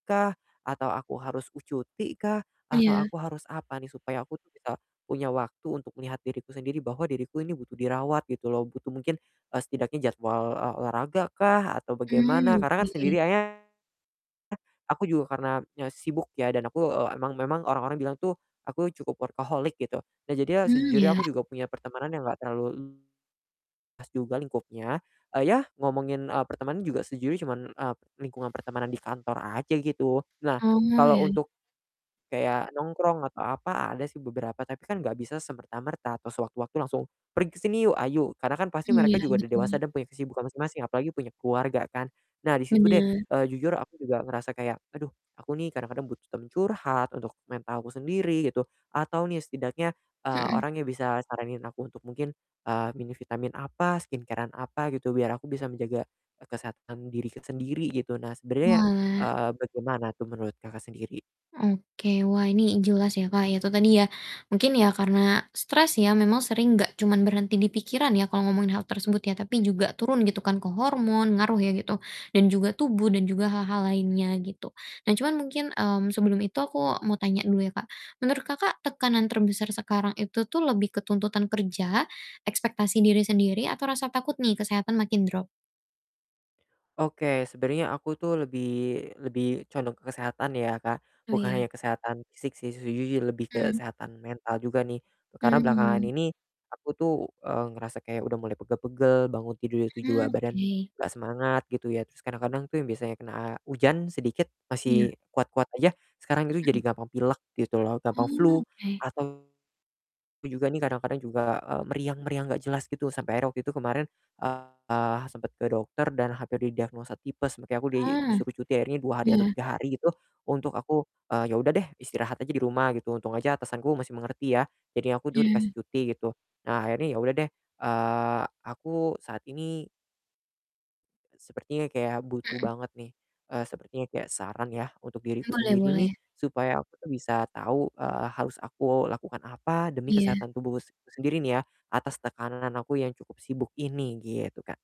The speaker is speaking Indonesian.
Kah atau aku harus u cutikah atau Iya. aku harus apa nih supaya aku tuh bisa punya waktu untuk melihat diriku sendiri bahwa diriku ini butuh dirawat gitu loh, butuh mungkin, eee, setidaknya jadwal, eee, olahragakah atau bagaimana, Hmm, karena kan oke. sendiri akhirnya aku juga karena nye sibuk ya dan aku, eee, emang memang orang-orang bilang tuh aku cukup workaholic gitu. Nah jadinya Hmm, sejujurnya iya. aku juga punya pertemanan yang enggak terlalu luas juga lingkupnya, eee, ya ngomongin, eee, pertemanan juga sejujurnya cuman, eee, lingkungan pertemanan di kantor aja gitu. Nah Oh, kalau iya. untuk kayak nongkrong atau apa ada sih beberapa tapi kan gak bisa semerta-merta atau sewaktu-waktu langsung, "Pergi ke sini yuk?" "Ayuk!" Karena kan pasti Hmm, mereka iya juga udah dewasa betul. dan punya kesibukan masing-masing apalagi punya keluarga kan. Nah di situ deh, Bener. eee, jujur aku juga ngerasa kayak, aduh, aku nih kadang-kadang butuh teman curhat untuk mental aku sendiri gitu atau nih setidaknya, eee, Mhm. orang yang bisa saranin aku untuk mungkin, eee, minum vitamin apa, skincare-an apa gitu biar aku bisa menjaga, eee, kesehatan diri ke sendiri gitu. Nah sebenarnya, Oalah. eee, bagaimana tuh menurut Kakak sendiri? Oke, wah ini jelas ya, Kak, ya itu tadi ya mungkin ya karena stres ya memang sering enggak cuman berhenti di pikiran ya kalau ngomongin hal tersebut ya, tapi juga turun gitu kan ke hormon ngaruh ya gitu, dan juga tubuh dan juga hal-hal lainnya gitu. Nah, cuman mungkin, mmm, sebelum itu aku mau tanya dulu ya, Kak, menurut, Kakak, tekanan terbesar sekarang itu tuh lebih ke tuntutan kerja, ekspektasi diri sendiri atau rasa takut nih kesehatan makin drop? Oke sebenarnya aku tuh lebih lebih condong ke kesehatan ya, Kak, Oh bukan iya. hanya kesehatan fisik sih sejujurnya lebih ke Mmm. kesehatan mental juga nih. Karena belakangan Mmm. ini aku tuh, eee, ngerasa kayak udah mulai pegel-pegel, bangun tidur itu juga Hmm, badan oke. nggak semangat gitu ya, terus kadang-kadang tuh yang biasanya kena hujan sedikit Iya. masih kuat-kuat aja, sekarang itu jadi Mhm. gampang pilek gitu loh, gampang flu Oh, oke. atau juga nih kadang-kadang juga, eee, meriang-meriang gak jelas gitu sampai akhirnya waktu itu kemarin, eee, sempet ke dokter dan hampir didiagnosa tipes, makanya aku di Oh, disuruh cuti akhirnya 2 hari atau iya. 3 hari itu untuk aku, eee, ya udah deh istirahat aja di rumah gitu untung aja atasan aku masih mengerti ya, jadi aku dur Iya. dikasih cuti gitu. Nah akhirnya ya udah deh, eee, aku saat ini eee, sepertinya kayak butuh Mhm. banget nih, eee, sepertinya kayak saran ya untuk diriku Boleh sendiri nih boleh. supaya aku tuh bisa tahu, eee, harus aku lakukan apa demi Iya. kesehatan tubuhku sendiri nih ya atas tekanan aku yang cukup sibuk ini gitu, Kak